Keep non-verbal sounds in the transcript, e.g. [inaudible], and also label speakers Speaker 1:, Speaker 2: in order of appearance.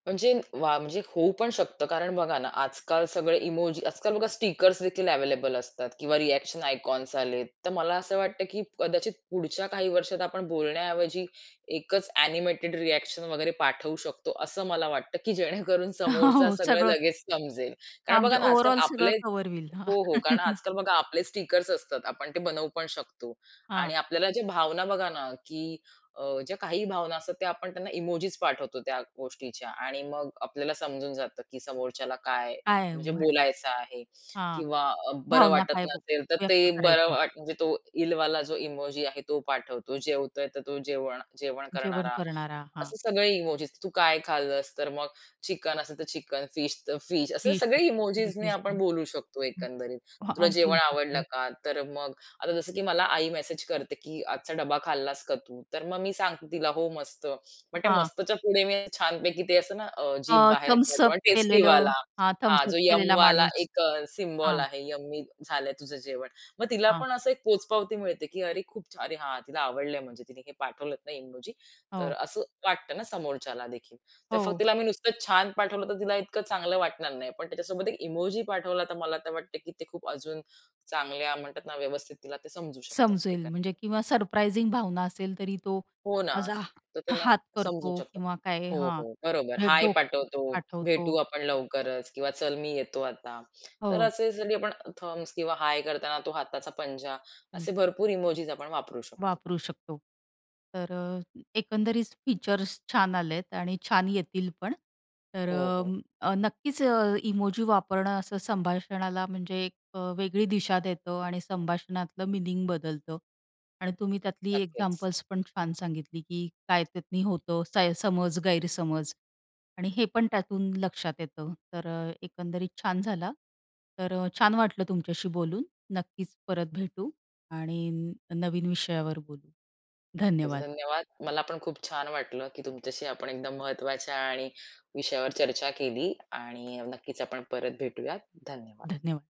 Speaker 1: म्हणजे वाह! म्हणजे होऊ पण शकतं कारण बघा ना, आजकाल सगळे इमोजी, आजकाल बघा स्टिकर्स देखील अवेलेबल असतात किंवा रिएक्शन आयकॉन्स आलेत. तर मला असं वाटतं, की कदाचित पुढच्या काही वर्षात आपण बोलण्याऐवजी 1च एनिमेटेड रिएक्शन वगैरे पाठवू शकतो, असं मला वाटतं, की जेणेकरून समोरचा
Speaker 2: हो
Speaker 1: सगळं
Speaker 2: सगळं.
Speaker 1: लगेच समजेल.
Speaker 2: हां,
Speaker 1: कारण बघा
Speaker 2: म्हणजे
Speaker 1: ना
Speaker 2: ओव्हरऑल
Speaker 1: आजकाल
Speaker 2: सगळं
Speaker 1: आपले
Speaker 2: कव्हर होईल.
Speaker 1: हो, हो, कारण
Speaker 2: [laughs]
Speaker 1: आजकाल बघा आपले स्टिकर्स असतात आपण ते बनवू पण शकतो आणि
Speaker 2: हां.
Speaker 1: आपल्याला ज्या भावना बघा ना, की अ, ज्या काही भावना असतात, त्या आपण त्यांना इमोजीस पाठवतो त्या गोष्टीच्या आणि मग आपल्याला समजून जातं, की समोरच्याला काय
Speaker 2: काय
Speaker 1: म्हणजे
Speaker 2: म्हणे
Speaker 1: बोलायचं आहे?
Speaker 2: हां,
Speaker 1: किंवा बरं
Speaker 2: भावना
Speaker 1: वाटत
Speaker 2: काय
Speaker 1: नसेल, तर
Speaker 2: व्यक्त
Speaker 1: ते बरं
Speaker 2: करायच्या आहेत?
Speaker 1: म्हणजे तो इलवाला जो इमोजी आहे, तो पाठवतो. जेवतोय, तर तो जेवण जेवण
Speaker 2: जेवण
Speaker 1: करणारा
Speaker 2: करणारा. हां.
Speaker 1: असे सगळे इमोजीस तू काय खाल्लस? तर मग चिकन असेल, तर चिकन, फिश तर फिश असे
Speaker 2: फिश
Speaker 1: सगळे इमोजीज नी
Speaker 2: हं.
Speaker 1: आपण बोलू शकतो, एकंदरीत.
Speaker 2: हां,
Speaker 1: तुला
Speaker 2: हां. बोलू
Speaker 1: जेवण
Speaker 2: शकतो
Speaker 1: आवडलं
Speaker 2: हो.
Speaker 1: का? तर मग आता जसं, की मला आई मेसेज करते, की आजचा डब्बा खाल्लास का तू? तर मग मी सांगते तिला हो मस्त. मग त्या
Speaker 2: हां.
Speaker 1: मस्तच्या पुढे मी छान पैकी ते असं ना, जीभ
Speaker 2: अ,
Speaker 1: बाहेर
Speaker 2: थंब्स
Speaker 1: काढतो
Speaker 2: अप
Speaker 1: आणि
Speaker 2: केलेलं,
Speaker 1: टेस्टीवाला,
Speaker 2: हां
Speaker 1: हा
Speaker 2: थंब्स अप
Speaker 1: जो
Speaker 2: केलेला
Speaker 1: यम्मिवाला
Speaker 2: माणूस.
Speaker 1: 1 सिम्बॉल
Speaker 2: हां.
Speaker 1: आहे यम्मी झालंय तुझं जेवण. मग तिला
Speaker 2: हां.
Speaker 1: पण असं एक पोचपावती मिळते, की अरे खूप छान! अरे हा तिला आवडलंय, म्हणजे तिने हे पाठवलत ना इमोजी तर
Speaker 2: हो.
Speaker 1: असं वाटतं ना समोरच्याला देखील. तर फक्त
Speaker 2: हो.
Speaker 1: तिला मी नुसतं छान पाठवलं, तर तिला इतकं चांगलं वाटणार नाही पण त्याच्यासोबत 1 इमोजी पाठवला तर मला तर वाटतं, की ते खूप अजून चांगल्या म्हणतात ना, व्यवस्थित तिला ते समजू शकत
Speaker 2: समजेल. म्हणजे
Speaker 1: एकंदरीत.
Speaker 2: किंवा सरप्रायझिंग भावना असेल तरी तो
Speaker 1: हो ना,
Speaker 2: माझा
Speaker 1: तर
Speaker 2: हा
Speaker 1: त्यांना
Speaker 2: हात
Speaker 1: समजू
Speaker 2: करतो
Speaker 1: शकतात.
Speaker 2: किंवा काय
Speaker 1: हो,
Speaker 2: हां,
Speaker 1: हो, बरोबर.
Speaker 2: म्हणजे
Speaker 1: हाय
Speaker 2: डोकं
Speaker 1: पाठवतो,
Speaker 2: पाठवतो.
Speaker 1: भेटू आपण लवकरच, किंवा चल, मी येतो आता. तर
Speaker 2: हो.
Speaker 1: असे आपण थंब्स किंवा हाय करताना तो हाताचा पंजा, असे
Speaker 2: [unintelligible]
Speaker 1: भरपूर इमोजीज आपण वापरू शकतो.
Speaker 2: वापरू शकतो. तर अ, एकंदरीत फीचर्स छान आलेत आणि छान येतील पण. तर
Speaker 1: हो, हो.
Speaker 2: अ, नक्कीच अ, इमोजी वापरणं असं संभाषणाला, म्हणजे एक अ, वेगळी दिशा देतं आणि संभाषणातलं मीनिंग बदलतं आणि तुम्ही त्यातली
Speaker 1: नक्कीच.
Speaker 2: एक्झाम्पल्स पण छान सांगितली, की काय त्यातनी होतं समज-गैरसमज आणि हे पण त्यातून लक्षात येतं. तर एकंदरीत छान झाल. तर छान वाटलं तुमच्याशी बोलून. नक्कीच, परत भेटू आणि नवीन विषयावर बोलू.
Speaker 1: नक्कीच,
Speaker 2: धन्यवाद.
Speaker 1: धन्यवाद. मला पण खूप छान वाटलं, की तुमच्याशी आपण एकदम महत्त्वाच्या आणि विषयावर चर्चा केली आणि नक्कीच, आपण परत भेटूयात धन्यवाद.
Speaker 2: धन्यवाद.